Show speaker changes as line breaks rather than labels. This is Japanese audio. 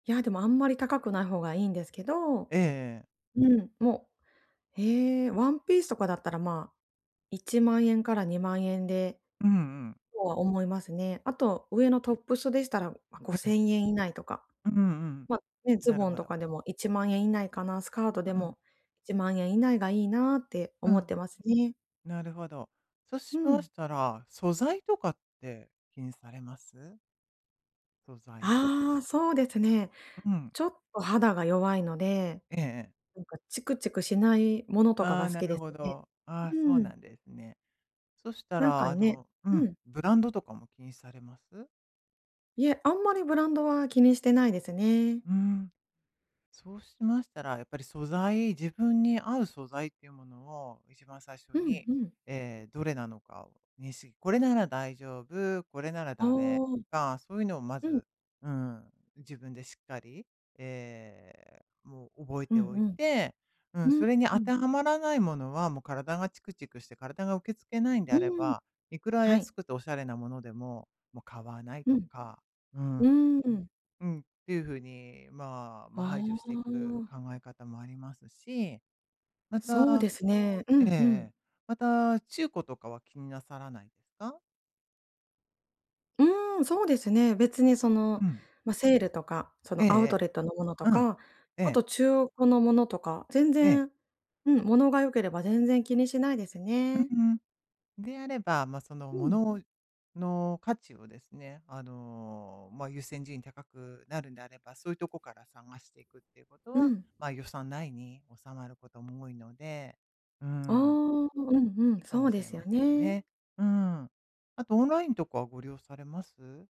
いや、でもあんまり高くない方がいいんですけど。
ええええ。
うん、もう、ええ、ワンピースとかだったらまあ、10000円から20000円で、
うんうん。
とは思いますね。あと上のトップスでしたら、うご
え
せ
え。
んえん以内とか。
うんうんうん。
ま、ね、ズ
なる
ボン
ほ
と
ど。
かでも、10000円以内かな、スカートで
うん。
も、10000円以内がいいなって
う
思っ
ん。
てますね。
なるほど。そし
う
ま
ん。
したら、素材とかって気にされます？素材は。
ああ、そうですね。
うん。
ちょっと肌が弱いので。
ええええ。
なんかチクチクしないものとか
あ
が
あ、
好
な
き
る
です
ほ
ね。
ど。ああ、そう
う
な
ん。
んですね。そした
なん
ら
か
あ
ね
のう
う
ん、
ん。
ブランドとかも気にされます？
いえ、あんまりブランドは気にしてないですね。
ふーん。そうしましたら、やっぱり素材、自分に合う素材っていうものを、一番最初
うん、
に、
うん。
ええ、どれなのかをにんし「これなら大丈夫、これなら
ああ。
ダメ」か、そういうのをま
うん。
ず、うん、自分でしっかり、ええ、もう覚え
うん
ておいて、う
う
ん、
ん。う、
それに
う
当て
ん。
はまらないものは、もう体がチクチクして体が受け付けないんで
う
あれ
ーん。
ば、いくら
はい。
安くておしゃれなものでも、もう買わない
う
と
ん。
か。うーん。
うーん、うん。
うん、っていうふうにまあ、
あ
ま、排除していく
あ。
考え方もありますし。ま
そう
た
ですね。う
えええ
んうん。
え。また、中古とかは気になさらないですか？
うーん。そうですね。別にそ
う
の、
ん。
まあ、セールとかそ
えええ
のアウト
え。
レットのものと
うん。
か、
え
あ
え。
と中古のものとか、全
ええ。
然、うん、ものが良ければ全然気にしないです
う
ね。
うん。であれば、まあ、その、
う
も
ん。
のをの価値をですね、あの、まあ、優先順位高くなるんであれば、そういうとこから探していくっていうこと
う
は、
ん。
まあ、予算内に収まることも多いので、うー
ああ。
ん。
うんうん。
いいか
そ
も
う
し
で
れ
すよ
ません
ね。
ね。うん。あとオンラインとかはご利用されます？